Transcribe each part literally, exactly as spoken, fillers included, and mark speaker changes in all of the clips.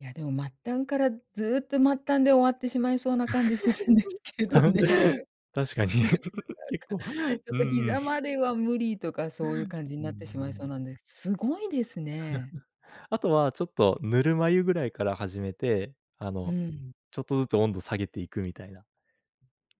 Speaker 1: いや、でも末端からずっと末端で終わってしまいそうな感じするんですけどね。
Speaker 2: 確かに。
Speaker 1: な
Speaker 2: 結
Speaker 1: かな
Speaker 2: 構、
Speaker 1: か、ちょっ
Speaker 2: う
Speaker 1: と
Speaker 2: んうん。
Speaker 1: 膝までは無理とか、そういう 感じに
Speaker 2: うんう
Speaker 1: なってしまいそう
Speaker 2: ん。
Speaker 1: なんで、凄いですね。
Speaker 2: あとは、ちょっとぬるま湯ぐらいから始めて、あ
Speaker 1: う
Speaker 2: の、
Speaker 1: ん。
Speaker 2: ちょっとずつ温度下げていくみたいな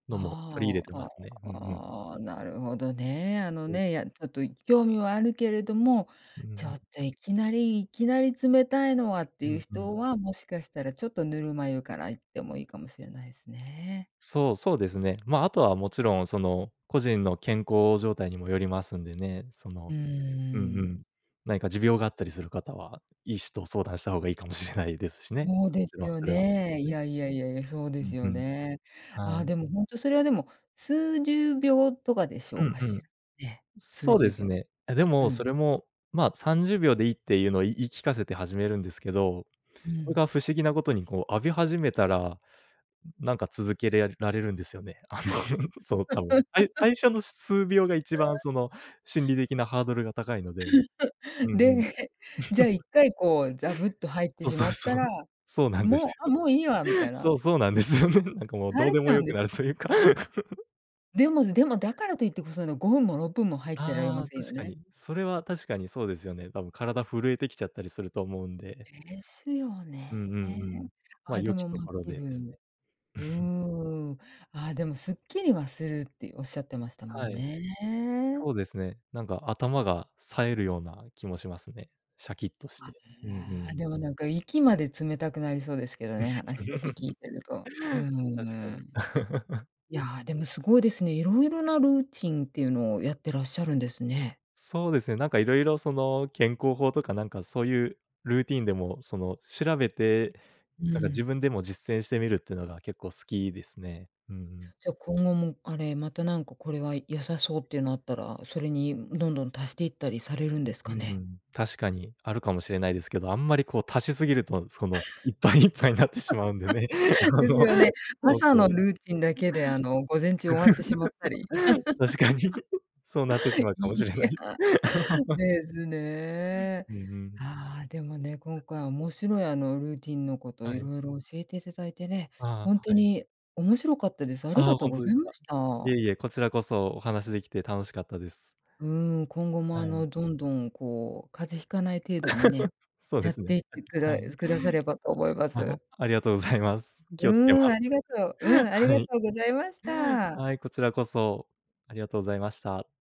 Speaker 2: のも取り入
Speaker 1: あ
Speaker 2: れてま
Speaker 1: あ、
Speaker 2: すね、うんうん。
Speaker 1: ああ、なるほどね。あの
Speaker 2: うん。
Speaker 1: ね、いや、ちょっと、い興味はあるけれども、
Speaker 2: うんう
Speaker 1: ちょ
Speaker 2: ん。
Speaker 1: っといきなりいきなり冷たいのはって
Speaker 2: う
Speaker 1: いう
Speaker 2: んうん。
Speaker 1: 人は、もしかしたらちょっとぬるま湯からいってもいいかもしれないですね。
Speaker 2: そうそうですね。まあ、あとはもちろんその、個人の健康状態にもよりますんでね。そ
Speaker 1: う
Speaker 2: の、うんう
Speaker 1: ー
Speaker 2: ん。
Speaker 1: ん。
Speaker 2: 何か持病があったりする方は、医師と相談した方がいいかもしれないですしね、
Speaker 1: そう
Speaker 2: も
Speaker 1: で
Speaker 2: ち
Speaker 1: す
Speaker 2: ろん、
Speaker 1: よ
Speaker 2: それはそうで
Speaker 1: ね、
Speaker 2: す
Speaker 1: い
Speaker 2: ね。
Speaker 1: やいやいやいや、そう
Speaker 2: う
Speaker 1: です
Speaker 2: んう
Speaker 1: よ
Speaker 2: ん。
Speaker 1: ね。あ
Speaker 2: は
Speaker 1: あ、
Speaker 2: い。
Speaker 1: でも、ほんとそれは、でも、数十秒とかでしょ
Speaker 2: う
Speaker 1: う
Speaker 2: ん
Speaker 1: か
Speaker 2: う
Speaker 1: し
Speaker 2: ん。
Speaker 1: ら、ね、数
Speaker 2: そうで
Speaker 1: 十
Speaker 2: す
Speaker 1: 秒。
Speaker 2: ね。え、で
Speaker 1: う
Speaker 2: もそ
Speaker 1: ん。
Speaker 2: れもまあ、さんじゅうびょうでいいっていうのを、言い聞かせて始めるんですけど、
Speaker 1: う
Speaker 2: それ
Speaker 1: ん。
Speaker 2: が不思議なことにこう、浴び始めたら、なんか続けれられるんですよね。あのそう多分、さい最 初の数秒が一番 その、心理的なハードルが高いので。う んう
Speaker 1: で、
Speaker 2: ん。
Speaker 1: じゃあいっかい、こう、ザブっと入って
Speaker 2: そう
Speaker 1: し
Speaker 2: そ
Speaker 1: ま
Speaker 2: う
Speaker 1: った
Speaker 2: そう。
Speaker 1: ら、
Speaker 2: そうなんで
Speaker 1: もう
Speaker 2: す
Speaker 1: あ、
Speaker 2: よ。
Speaker 1: もういいわ、みたいな。
Speaker 2: そうそうなんですよね。なんかもう
Speaker 1: 慣
Speaker 2: どう
Speaker 1: れ
Speaker 2: で
Speaker 1: ち
Speaker 2: も
Speaker 1: ゃう
Speaker 2: 良
Speaker 1: んで
Speaker 2: く
Speaker 1: す。
Speaker 2: なるというか。
Speaker 1: でもででも、だからと言ってこその、ごふんもろっぷんも入ってられま
Speaker 2: ああ、
Speaker 1: せんよ
Speaker 2: 確か
Speaker 1: ね？
Speaker 2: に。それは確かにそうですよね。たぶん体震えてきちゃったりすると思うんで。
Speaker 1: ですよ
Speaker 2: うんう
Speaker 1: ね。
Speaker 2: んうん。ま
Speaker 1: あ
Speaker 2: あ、
Speaker 1: あ、で
Speaker 2: 良き
Speaker 1: も、ま、
Speaker 2: ところ
Speaker 1: 気
Speaker 2: で、です
Speaker 1: 分
Speaker 2: ね。
Speaker 1: う ーん。ああ、でもすっきりはするっていうおっしゃってましたも
Speaker 2: は
Speaker 1: ん
Speaker 2: い。
Speaker 1: ね。
Speaker 2: そうですね。なんか頭が、冴えるような気もしますね。シャキッとし
Speaker 1: あ
Speaker 2: て。うんう
Speaker 1: ら、
Speaker 2: ん。
Speaker 1: でも、なんか、息まで冷たくなりそうですけどね、話だけ聞いてると。うー
Speaker 2: 確かに。
Speaker 1: ん。いや、でも凄いですね。色々なルーチンっていうのを、やってらっしゃるんですね。
Speaker 2: そうですね、なんかいろいろその、健康法とかなんかそういうルーティーンでもその、調べて、
Speaker 1: うー
Speaker 2: なんか自
Speaker 1: ん。
Speaker 2: 分でも実践してみるっていうのが結構好きですね。うんうん。
Speaker 1: じゃ、今後も、あれ、また、なんか、これは良さ
Speaker 2: うん
Speaker 1: そうっ
Speaker 2: うん。
Speaker 1: ていうのあったら、それにどんどん足していったりされるんですか
Speaker 2: うんう
Speaker 1: ね？
Speaker 2: ん。確かに、あるかもしれないですけど、あんまりこう足しすぎると、そのいっぱい、いっぱいになってしまうんでね。あ
Speaker 1: です
Speaker 2: の、
Speaker 1: よね。
Speaker 2: そう
Speaker 1: 朝
Speaker 2: そ
Speaker 1: の
Speaker 2: う。
Speaker 1: ルーチンだけで、あの、午前中終わってしまったり。
Speaker 2: 確かに、そうなってしま うかも
Speaker 1: い
Speaker 2: しれな
Speaker 1: や、
Speaker 2: い。
Speaker 1: ですね。
Speaker 2: うんうん。
Speaker 1: ああ、でもね、今回面白い、あの、ルーティンのこと
Speaker 2: は
Speaker 1: 色
Speaker 2: い。
Speaker 1: 々教えて頂いてね、
Speaker 2: あ
Speaker 1: ほん
Speaker 2: あ、
Speaker 1: と
Speaker 2: はい。
Speaker 1: に面白かったです。あり
Speaker 2: あ
Speaker 1: が
Speaker 2: あ、
Speaker 1: とう
Speaker 2: ほん
Speaker 1: ご
Speaker 2: と
Speaker 1: ざ
Speaker 2: で
Speaker 1: い
Speaker 2: す
Speaker 1: ま
Speaker 2: か。
Speaker 1: し
Speaker 2: いえ
Speaker 1: た。
Speaker 2: いえ、こちらこそお話しできて楽しかったです。
Speaker 1: うーん、今後も
Speaker 2: は
Speaker 1: あ
Speaker 2: い。
Speaker 1: の、どんどん、こう、風邪引かない程度にね、
Speaker 2: そうで
Speaker 1: やっ
Speaker 2: す
Speaker 1: て
Speaker 2: ね、
Speaker 1: いっ
Speaker 2: え、
Speaker 1: てく
Speaker 2: は
Speaker 1: だ
Speaker 2: い。
Speaker 1: くださればと思いま
Speaker 2: あ
Speaker 1: す。
Speaker 2: ありがとうございます。気をつけま
Speaker 1: うーん、あ
Speaker 2: す。
Speaker 1: りがとう、うん、あり
Speaker 2: は
Speaker 1: が
Speaker 2: い。
Speaker 1: とうございました。
Speaker 2: はい、こちらこそ、ありがとうございました。